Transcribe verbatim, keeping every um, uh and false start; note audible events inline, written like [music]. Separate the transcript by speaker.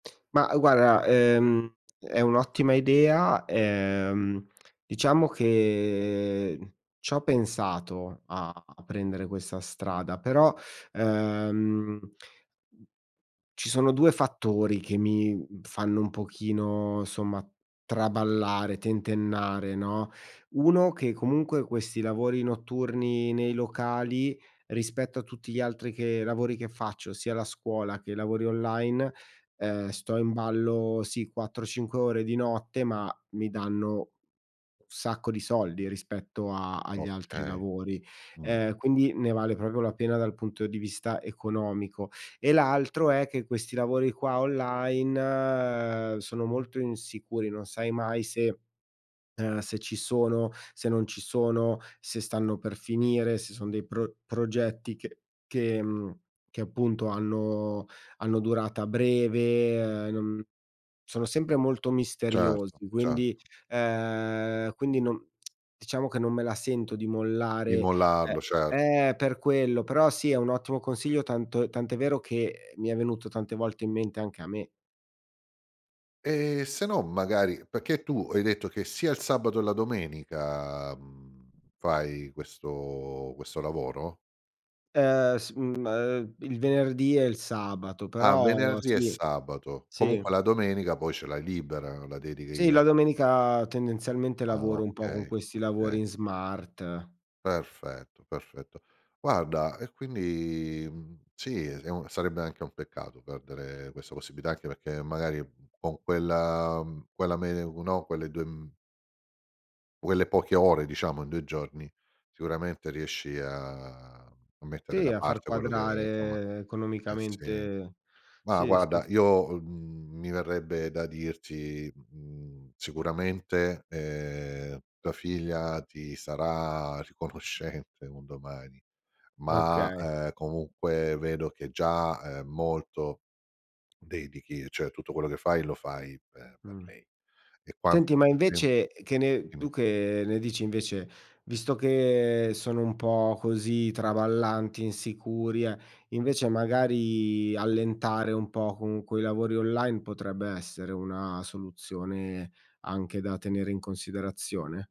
Speaker 1: Ma guarda, ehm, è un'ottima idea, ehm, diciamo che c'ho pensato a a prendere questa strada, però, ehm, mhmm, ci sono due fattori, che mi, mhmm, fanno un pochino somma traballare, tentennare, no. uno che comunque, questi lavori notturni nei locali, rispetto a tutti gli altri che lavori che faccio, sia la scuola che lavori online, ehm, sto in ballo, sì, quattro, cinque ore di notte, ma mi danno un sacco di soldi rispetto agli altri
Speaker 2: Okay,
Speaker 1: lavori.
Speaker 2: mh.
Speaker 1: Eh, quindi ne vale proprio la pena dal punto di vista economico. E l'altro è che questi lavori qua online sono molto insicuri, non sai mai se, ehm, se ci sono, se non ci sono, se stanno per finire, se sono dei pro progetti che che, mhmm, che appunto, hanno hanno durata breve e no mhmm, sono sempre molto
Speaker 2: Certo,
Speaker 1: misteriosi. Quindi,
Speaker 2: certo.
Speaker 1: ehm, quindi, non [smacks lips] diciamo che non me la sento, di
Speaker 2: Di
Speaker 1: mollare eh,
Speaker 2: mollarlo, certo.
Speaker 1: è per quello. Però sì, è un ottimo consiglio, tanto tanto è vero che mi è venuto tante volte in mente anche a me.
Speaker 2: Ehm, se no, magari pecché tu hai detto che sia il sabato e la domenica, mhmm, fai questo questo lavoro?
Speaker 1: Ehm, s mhmm, ehm, il venerdì e il sabato,
Speaker 2: Ah,
Speaker 1: però
Speaker 2: venerdì e
Speaker 1: sì,
Speaker 2: sabato,
Speaker 1: sì.
Speaker 2: comunque la domenica poi ce l'hai libera, la
Speaker 1: Sì,
Speaker 2: dedichi a
Speaker 1: la domenica, tendenzialmente,
Speaker 2: Ah,
Speaker 1: lavoro un po' con
Speaker 2: okay,
Speaker 1: questi lavori
Speaker 2: okay.
Speaker 1: in smart.
Speaker 2: Perfetto, perfetto. Guarda, e quindi, mhmm, sì, è s un sarebbe anche un peccato perdere questa possibilità, anche perché magari, mhmm, con quella, mhmm, quella me no, quelle due m quelle poche ore diciamo in due giorni, sicuramente riesci a a mettere
Speaker 1: Sì,
Speaker 2: da
Speaker 1: a far
Speaker 2: parte quello che, nzomma
Speaker 1: quadrare
Speaker 2: eh sì.
Speaker 1: economicamente
Speaker 2: Ma
Speaker 1: sì, sì,
Speaker 2: guarda,
Speaker 1: sì.
Speaker 2: io, uhm, mi verrebbe da dirti, mhmm, sicuramente, ehm, tua figlia ti sarà riconoscente un domani. Ma,
Speaker 1: Okay.
Speaker 2: ehm, comunque vedo che già, ehm, molto, dedichi, cioè tutto quello che fai lo fai per
Speaker 1: Mh.
Speaker 2: lei e
Speaker 1: Senti,
Speaker 2: quanto
Speaker 1: ma
Speaker 2: più tempo
Speaker 1: invece e che ne tu
Speaker 2: dimmi.
Speaker 1: che ne dici invece, visto che sono un po' così traballanti, insicuri, eh, invece magari allentare un po' con quei lavori online potrebbe essere una soluzione anche da tenere in considerazione?